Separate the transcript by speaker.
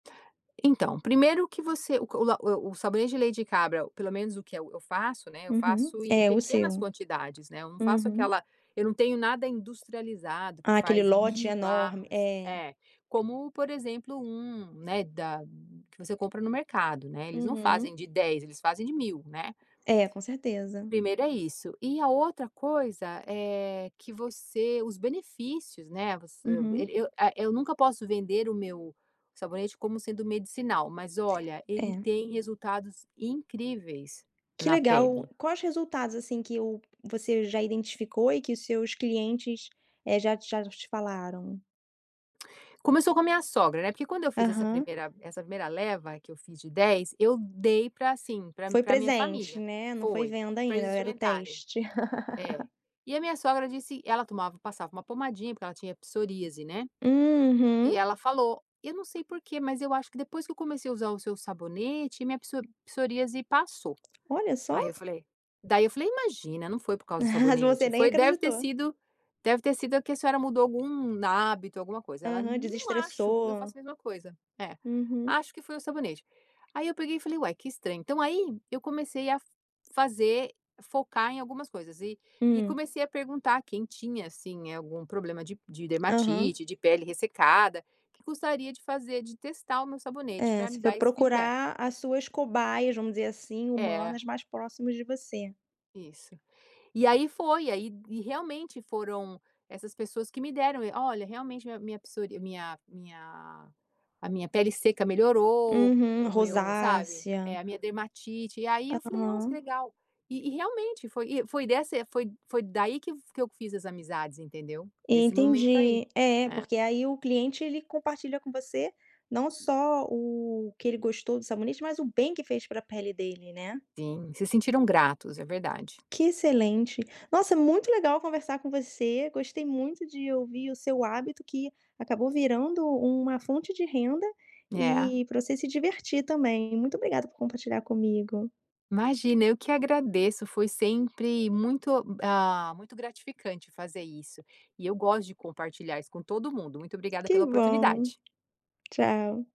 Speaker 1: Então, primeiro que você o c o la o o sabonete de leite de cabra, pelo menos, o que eu eu faço, né, eu
Speaker 2: Uhum.
Speaker 1: faço em
Speaker 2: É, o
Speaker 1: pequenas
Speaker 2: seu.
Speaker 1: quantidades, né. Eu não faço
Speaker 2: Uhum.
Speaker 1: aquela eu não tenho nada industrializado que
Speaker 2: Aquele
Speaker 1: faz
Speaker 2: lote
Speaker 1: 1.000
Speaker 2: enorme
Speaker 1: barras,
Speaker 2: é.
Speaker 1: É. Como, por exemplo, um né, da que você compra no mercado, né. Eles não
Speaker 2: Uhum.
Speaker 1: fazem de 10, eles fazem de 1.000, né.
Speaker 2: É, com certeza.
Speaker 1: Primeiro, é isso. E a outra coisa, eh, que você os benefícios, né. Voc eu eu
Speaker 2: Uhum.
Speaker 1: eu, eh, eu nunca posso vender o meu sabonete como sendo medicinal. Mas olha, ele
Speaker 2: É.
Speaker 1: tem resultados incríveis
Speaker 2: Que
Speaker 1: na
Speaker 2: legal.
Speaker 1: pele.
Speaker 2: Quais resultados, assim, que o você já identificou e que os seus clientes, eh, já já te falaram?
Speaker 1: Começou com a minha sogra, né, porque quando eu fiz essa
Speaker 2: Aham.
Speaker 1: 1ª essa 1ª leva, que eu fiz de 10, eu dei pra assim, pra
Speaker 2: Foi
Speaker 1: pra minha
Speaker 2: presente,
Speaker 1: família.
Speaker 2: né. Não foi
Speaker 1: Foi.
Speaker 2: venda,
Speaker 1: Pra
Speaker 2: ainda
Speaker 1: eles
Speaker 2: eh, era o
Speaker 1: experimentarem.
Speaker 2: teste.
Speaker 1: É. E a minha sogra disse ela tomava passava 1 pomadinha, porque ela tinha psoríase, né. E
Speaker 2: Uhum.
Speaker 1: ela falou: "Eu não sei porquê, mas eu acho que depois que eu comecei a usar o seu sabonete, minha psorí psoríase passou."
Speaker 2: Olha só!
Speaker 1: Aí eu falei daí eu falei: "Imagina, não foi por causa do
Speaker 2: Mas
Speaker 1: sabonete.
Speaker 2: você nem
Speaker 1: Foi deve ter
Speaker 2: acreditou.
Speaker 1: sido deve ter sido a que a senhora mudou algum hábito, alguma coisa." E ela:
Speaker 2: Aham,
Speaker 1: "Não acho que eu
Speaker 2: desestressou.
Speaker 1: faço a mesma coisa." É.
Speaker 2: Uhum.
Speaker 1: "Acho que foi o sabonete." Aí eu peguei e falei: "Ué, que estranho." Então aí, eu comecei a fazer focar em algumas coisas. E e
Speaker 2: Hum.
Speaker 1: comecei a perguntar quem tinha, assim, algum problema de p de
Speaker 2: Aham.
Speaker 1: dermatite, de pele ressecada que gostaria de fazer de testar o meu sabonete
Speaker 2: É.
Speaker 1: pra me
Speaker 2: Você foi
Speaker 1: dar esse feedback.
Speaker 2: procurar as suas cobaias vamos dizer assim,
Speaker 1: É.
Speaker 2: humanas, mais próximas de você.
Speaker 1: Isso. E aí, foi. E aí e realmente, foram essas pessoas que me deram e "Olha, realmente, min a minha psorí minha minha a minha pele seca melhorou,
Speaker 2: Uhum.
Speaker 1: o meu" sabe. É,
Speaker 2: Rosácea.
Speaker 1: "a minha dermatite". E aí, eu falei: "Nossa, que
Speaker 2: Aham.
Speaker 1: legal." E e, realmente foi e foi dessa e foi foi daí que que eu fiz as amizades, entendeu. Desse momento aí.
Speaker 2: Entendi. É é,
Speaker 1: É.
Speaker 2: porque aí o cliente, ele compartilha com você, não só o que ele gostou do sabonete, mas o bem que fez pra pele dele, né.
Speaker 1: Sim. Se sentiram gratos, é verdade.
Speaker 2: Que excelente! Nossa, é muito legal conversar com você. Gostei muito de ouvir o seu hábito, que acabou virando u uma fonte de renda
Speaker 1: É.
Speaker 2: e pra você se divertir também. Muito obrigada por compartilhar comigo.
Speaker 1: Imagina, eu que agradeço. Foi sempre muito o ah, muito gratificante fazer isso. E eu gosto de compartilhar isso com todo mundo. Muito obrigada
Speaker 2: Que
Speaker 1: pela
Speaker 2: bom.
Speaker 1: oportunidade.
Speaker 2: Tchau.